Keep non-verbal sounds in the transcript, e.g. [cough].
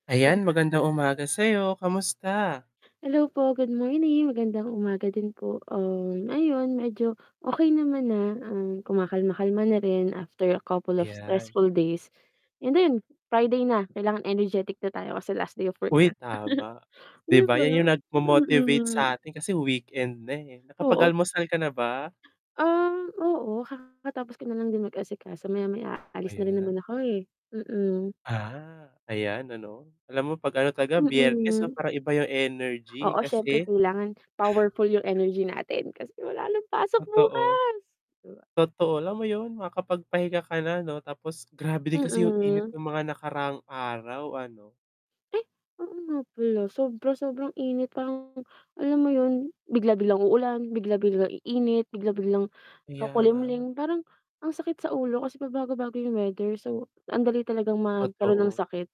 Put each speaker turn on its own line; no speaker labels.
[unintelligible]
Ayan, magandang umaga sa'yo, kamusta?
Hello po, good morning, magandang umaga din po, um, ayon medyo okey naman na and kumakalma-kalma na rin after a couple of
Ayan.
stressful days. And 'yun,
[unintelligible]
Friday na kailangan energetic na tayo kasi last day of work
Uy
na, [laughs]
tama, 'di
'di
ba yan yung
ba,
nagmo-motivate sa
mm.
atin kasi weekend na, eh,
Oo.
nakapag-almusal ka na ba?
Um, oo, kakatapos ko na lang din mag-asikaso, maya-maya alis na rin naman
Ayan.
ako, eh, mm.
Ah, ayan ano, alam mo 'pag ano talaga Biyernes 'no
Mm.
parang iba yung energy
Oo, siyempre
kasi
kailangan powerful yung energy natin, kasi wala ng pasok
Totoo.
bukas. 'Di ba?
Totoo, alam mo yun makapagpahinga ka na 'no, tapos grabe din kasi yung init
Mm.
ng mga nakaraang araw ano.
Ay, oo nga pala, sobra-sobrang init parang alam mo yun, bigla-biglang uulan, bigla-bigla iinit, bigla-biglang
Kaya nga.
kakulimlim parang ang sakit sa ulo kasi pabago-bago yung weather, so andali talagang magkaroon ng
Totoo.
sakit.